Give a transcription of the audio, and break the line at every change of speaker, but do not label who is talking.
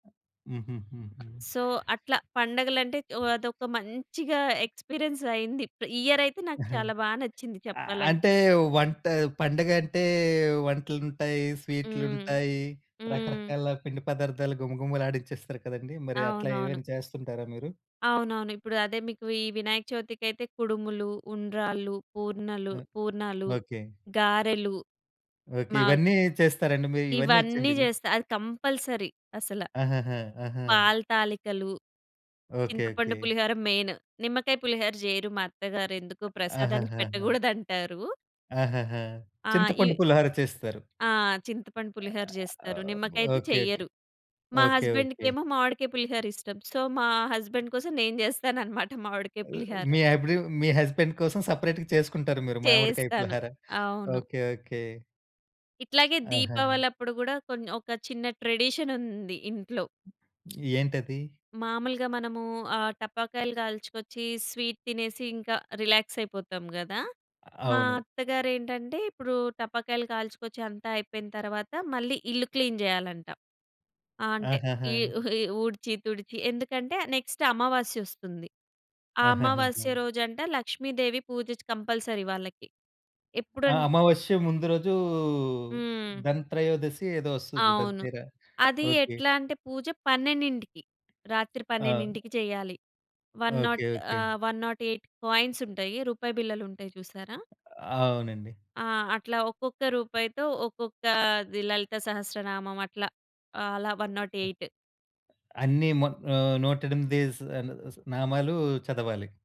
హుహు. హుహు.
సో, అట్లా పండగలంటే ఆహ్, అదొక మంచిగా ఎక్స్‌పీరియన్స్ అయింది. ఈ ఇయర్ అయితే నాకు చాలా బా నచ్చింది
ఆహ్,
చెప్పాలంటే.
అంటే వంట పండగంటే వంటలుంటాయి,
హ్మ్.
స్వీట్లుంటాయి.
హ్మ్.
రకరకాల పిండి పదార్థాలు గుమగుమలాడించేస్తారు కదండీ! మరి అట్లా
అవునవును.
ఏమైనా చేస్తుంటారా మీరు?
అవునవును. ఇప్పుడు అదే మీకు ఈ వినాయక చవితికైతే కుడుములు, ఉండ్రాళ్ళు, పూర్ణలు,
ఓహ్!
పూర్ణాలు,
ఓకే.
గారెలు.
ఓకే.
మాక్
ఇవన్నీ చేస్తారండి. మీ ఇవన్నీ
ఇవన్నీ
వచ్చండి మీకు?
జేస్తా. అది కంపల్సరీ అసలా.
అహాహా! ఆహా!
పాలు, తాళికలు,
ఓకే.
చింతపండు
ఓకే.
పులిహోర మెయిన్. నిమ్మకాయ పులిహోర చెయ్యరు మా అత్తగారు. ఎందుకొ
అ
ప్రసాదానికి
అహాహాహా!
పెట్టగూడదంటారు.
అహాహా!
ఆ!
చింతపండు
ఈ
పులిహోర చేస్తారు.
ఆ! చింతపండు పులిహోర జేస్తారు.
ఆహ్,
నిమ్మకాయది
ఓకే. ఓకే.
చెయ్యరు. మా
ఓకే.
హస్బెండ్‌కి
ఓకే.
ఏమో మామిడికాయ పులిహోర ఇష్టం. సో, మా హస్బెండ్ కోసం నేను జేస్తానన్నమాట మామిడికాయ
ఆహ్,
పులిహోర.
మీ అబ్బిడియో మీ హస్బాండ్ కోసం సెపరేట్‌గా చేసుకుంటారు మీరు మామిడికాయ
చేస్తాను.
పులిహార.
అవును.
ఓకే. ఓకే.
ఇట్లాగే
ఆహా!
దీపావళి అప్పుడూ కూడా కొం ఒక చిన్న ట్రెడిషన్ ఉంది ఇంట్లో.
ఏంటది?
మామూలుగా మనము ఆహ్, టపాకాయలు కాల్చుకొచ్చి, స్వీట్ తినేసి ఇంకా రిలాక్స్ అయిపోతాం గదా! మా
అవును.
అత్తగారేంటంటే ఇప్పుడు టపాకాయలు కాల్చుకొచ్చి అంతా అయిపోయిన తరువాత మళ్ళీ ఇల్లు క్లీన్ జేయాలంట. ఆ! అంటే ఈ,
ఆహాహా!
ఈ ఊడ్చి, తుడిచి. ఎందుకంటే నెక్స్ట్ అమావాస్య ఒస్తుంది. ఆ
ఆహాహాహా!
అమావాస్య రోజంట లక్ష్మీదేవి పూజ కంపల్సరీ వాళ్ళకి.
ఆ!
ఎప్పుడం
అమావాస్య ముందు రోజు
హ్మ్.
ధన్ త్రయోదశి ఏదో ఒస్తది,
అవును.
దంతెర
అది
ఓకే.
ఎట్లా అంటే పూజ 12కి రాత్రి
ఆ!
12కి చేయాలి. One
okay.
Not
okay.
ఆహ్, 108 కాయిన్స్ ఉంటాయి. రూపాయి బిళ్ళలుంటాయి చూసారా!
అవునండి.
ఆ! అట్లా ఒక్కొక్క రూపాయితో ఒక్కొక్క లలితా సహస్రనామం. అట్లా, అలా 108.
అన్ని మత్ ఆహ్, 108 స్ అలు నామాలు చదవాలి.